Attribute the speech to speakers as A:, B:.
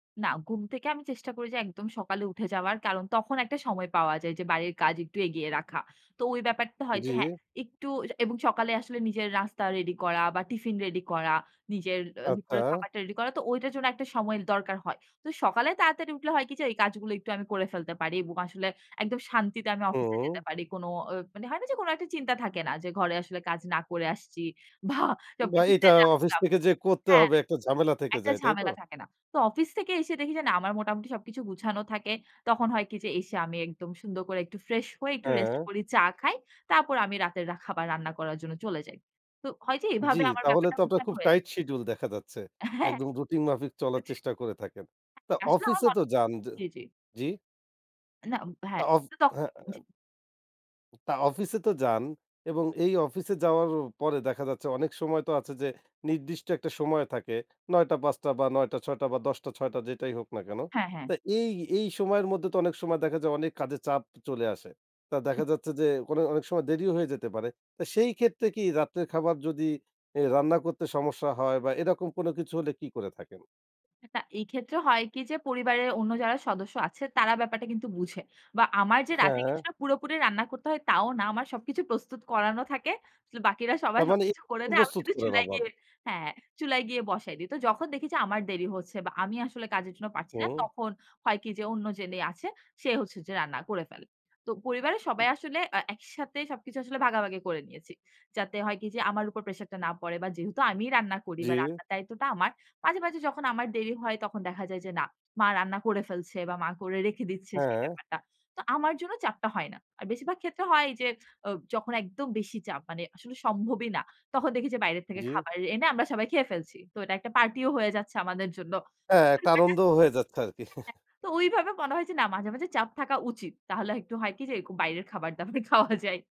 A: না ঘুম থেকে আমি চেষ্টা করি যে একদম সকালে উঠে যাওয়ার, কারণ তখন একটা সময় পাওয়া যায় যে বাড়ির কাজ একটু এগিয়ে রাখা। তো ওই ব্যাপারটা হয় যে হ্যাঁ
B: জ্বী।
A: একটু অ্যা এবং সকালে আসলে নিজের নাস্তা রেডি করা বা টিফিন রেডি করা, নিজের অ দুপুরে
B: আচ্ছা।
A: খাবারটা রেডি করা। তো ওইটার জন্য একটা সময়ের দরকার হয়। তো সকালে তাড়াতাড়ি উঠলে হয় কি যে এই কাজগুলো একটু করে ফেলতে পারি এবং আসলে একদম শান্তিতে আমি অফিসে যেতে
B: হুম।
A: পারি। কোন অ মানে হয় না যে কোন একটা চিন্তা থাকে না। যে ঘরে আসলে কাজ না করে আসছি। ভা
B: বা
A: সবকিছু
B: এটা
A: ফেলে
B: অফিস
A: আসলাম
B: থেকে যে করতে
A: হ্যাঁ।
B: হবে একটা ঝামেলা থেকে
A: একটা
B: যায়, তাইতো?
A: ঝামেলা থাকে না। তো অফিস থেকে এসে দেখি যে না আমার মোটামুটি সবকিছু গুছানো থাকে। তখন হয় কি যে এসে আমি একদম সুন্দর করে একটু ফ্রেশ হয়ে একটু রেস্ট
B: হ্যাঁ।
A: করি চা খাই। তারপর আমি রাতের রাখা খাবার রান্না করার জন্য চলে যাই। তো হয় যে
B: জি
A: এভাবে আমার
B: তাহলে
A: ব্যাপারটা
B: তো আপনার
A: গোছানো
B: খুব
A: হয়ে যায়।
B: টাইট শিডিউল দেখা যাচ্ছে।
A: হ্যাঁ।
B: একদম রুটিন মাফিক চলার
A: আচ্ছা।
B: চেষ্টা করে থাকেন। তা
A: আসলে
B: অফিসে
A: আমার
B: তো
A: মনে
B: যান যে
A: জি, জি।
B: জি?
A: না উ ব
B: তা
A: হ্যাঁ
B: অফ
A: তো তখ
B: হ্যাঁ অ্যা
A: জি।
B: তা অফিসে তো যান এবং এই অফিসে যাওয়ার পরে দেখা যাচ্ছে অনেক সময় তো আছে যে নির্দিষ্ট একটা সময় থাকে। ৯টা-৫টা বা ৯টা-৬টা বা ১০টা-৬টা যেটাই হোক না কেন।
A: হ্যাঁ, হ্যাঁ।
B: তো এই এই সময়ের মধ্যে তো অনেক সময় দেখা যায় অনেক কাজের চাপ চলে আসে। তা
A: হুম, হু।
B: দেখা যাচ্ছে যে, কোন অনেক সময় দেরিও হয়ে যেতে পারে। তো সেই ক্ষেত্রে কি রাত্রের খাবার যদি অ্যা রান্না করতে সমস্যা হয় বা এরকম কোন কিছু হলে কি করে থাকেন?
A: [unintelligible] এই ক্ষেত্রে হয় কি যে পরিবারের অন্য যারা সদস্য আছে তারা ব্যাপারটা কিন্তু বুঝে। বা আমার যে রাতে
B: হ্যাঁ।
A: কিছুটা পুরোপুরি রান্না করতে হয় তাও না। আমার সবকিছু প্রস্তুত করানো থাকে। বাকিরা সবাই
B: তার মানে
A: সবকিছু করে
B: [unintelligible]
A: দেয়। আমি
B: প্রস্তুত
A: সুধু
B: করেন
A: চুলায়
B: আবার।
A: গিয়ে হ্যাঁ। চুলায় গিয়ে বসায় দি। তো যখন দেখি যে আমার দেরি হচ্ছে বা আমি আসলে কাজের জন্য পারছি না,
B: হুম।
A: তখন হয় কি যে অন্য যিনি আছে, সে হচ্ছে যে রান্না করে ফেলে। তো পরিবারের
B: উম।
A: সবাই আসলে আ একইসাথে সবকিছু আসলে ভাগাভাগি করে নিয়েছি। যাতে হয় কি যে আমার উপর প্রেশার টা না পড়ে বা যেহেতু আমিই রান্না করি
B: জি।
A: বা রান্নার দায়িত্বটা আমার। মাঝে, মাঝে, যখন আমার দেরি হয় তখন দেখা যায় যে না। মা রান্না করে ফেলছে বা মা করে রেখে দিচ্ছে সেই
B: হ্যাঁ।
A: ব্যাপারটা। তো আমার জন্য চাপটা হয় না। আর বেশিরভাগ ক্ষেত্রে হয় যে, অব যখন একদম বেশি চাপ মানে আসলে সম্ভবই না। তখন দেখি যে বাইরে থেকে
B: জি।
A: খাবার এনে আমরা সবাই খেয়ে ফেলছি। তো এটা একটা পার্টি ও হয়ে যাচ্ছে আমাদের জন্য।
B: এ্যা
A: [unintelligible]
B: একটা
A: দেখা যায়,
B: আনন্দ হয়ে যাচ্ছে আরকি।
A: [unintelligible] তো ওইভাবে মনে হয় যে না মাঝে, মাঝে, চাপ থাকা উচিত। তাহলে হয় একটু হয় কি যে এরকম বাইরের খাবার-দাবার খাওয়া যায়।